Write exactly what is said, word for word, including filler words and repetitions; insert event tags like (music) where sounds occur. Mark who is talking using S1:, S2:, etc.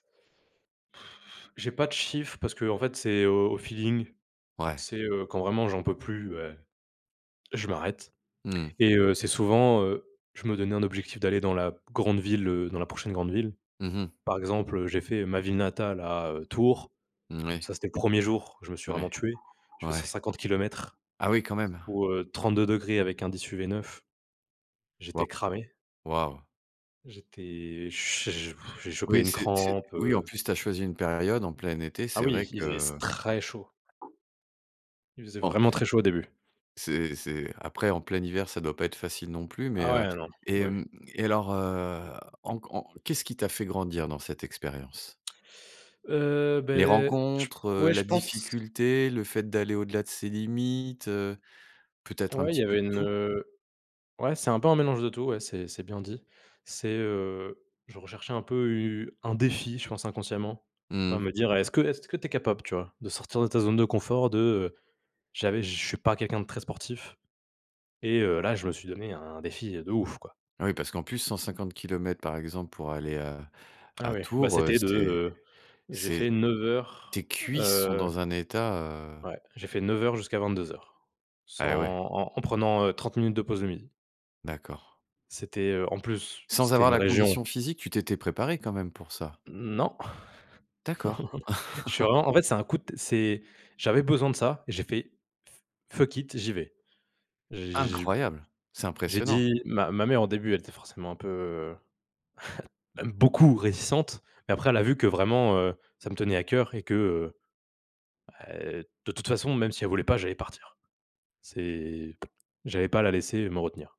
S1: (blows air) J'ai pas de chiffres parce qu'en fait c'est au au feeling,
S2: Ouais.
S1: c'est, heu, quand vraiment j'en peux plus beh, je m'arrête
S2: Mmh.
S1: et heu, c'est souvent, heu, je me donnais un objectif d'aller dans la grande ville, heu, dans la prochaine grande ville.
S2: Mmh mh.
S1: Par exemple, heu, j'ai fait ma ville natale à, heu, Tours.
S2: Moui.
S1: Ça, c'était le premier jour, je me suis
S2: Ouais,
S1: vraiment tué, j'ai fais cent
S2: ouais.
S1: cinquante kilomètres
S2: Ah oui quand même!
S1: sous, heu, trente deux degrés avec indice UV neuf.
S2: Wa
S1: J'étais cramé.
S2: waouh.
S1: J'étais, ch j'ai (blows air) chopé
S2: Oui
S1: une
S2: c'est c'est
S1: crampe,
S2: oui en
S1: heu
S2: plus tu as choisi une période en plein été,
S1: Ah
S2: c'est vrai
S1: oui, il faisait s
S2: que
S1: très chaud. Il faisait
S2: Bon
S1: vraiment très chaud au début.
S2: c'est c'est après, en plein hiver ça doit pas être facile non plus. Mais
S1: Ah
S2: heu
S1: ouais non
S2: et
S1: oui.
S2: hem et alors, heu, en qu en qu'est-ce qui t'a fait grandir dans cette expérience?
S1: Heu,
S2: Les
S1: beh, je
S2: rencontres,
S1: pe
S2: heu?
S1: ouais je
S2: La
S1: pense.
S2: difficulté? Le fait d'aller au-delà de ses limites, heu? Peut être un
S1: Ouais il
S2: petit
S1: y
S2: peu
S1: avait
S2: de
S1: une,
S2: tout?
S1: heu ouais, c'est un peu un mélange de tout, ouais, c'est c'est bien dit. C'est heu je recherchais un peu u un défi, je pense inconsciemment, tu vois?
S2: Mmh.
S1: Me dire, heu, est-ce que est-ce que tu es capable, tu vois? De sortir de ta zone de confort, de j'avais je suis pas quelqu'un de très sportif, et heu, là je me suis donné un défi de ouf, quoi.
S2: Oui, parce qu'en plus, cent cinquante kilomètres par exemple pour aller à
S1: Ah
S2: à
S1: oui bah,
S2: Tours, heu,
S1: c'était de,
S2: c'est
S1: heu j'ai
S2: c'est
S1: fait neuf heures
S2: tes cuisses sont
S1: heu,
S2: dans un état, heu
S1: ouais j'ai fait neuf heures jusqu'à vingt deux heures sans
S2: Eh oui.
S1: en en prenant, heu, trente minutes de pause le midi.
S2: D'accord.
S1: C'était, heu en plus,
S2: Sans
S1: c'était
S2: avoir
S1: une
S2: la
S1: région
S2: condition physique? Tu t'étais préparé quand même pour ça?
S1: Non, non,
S2: D'accord.
S1: non, non. Je suis
S2: (laughs)
S1: vraiment en fait c'est un coup de t c'est j'avais besoin de ça et j'ai fait fu fuck it, j'y vais. J'ai
S2: Incroyable, c'est
S1: j'ai
S2: impressionnant.
S1: dit ma ma mère au début elle était forcément un peu, heu, (chuckles) même beaucoup réticente. Mais après elle a vu que vraiment, heu, ça me tenait à cœur et que, heu heu, de toute façon, même si elle voulait pas j'allais partir. C'est (lip trill) j'allais pas la laisser, heu, me retenir.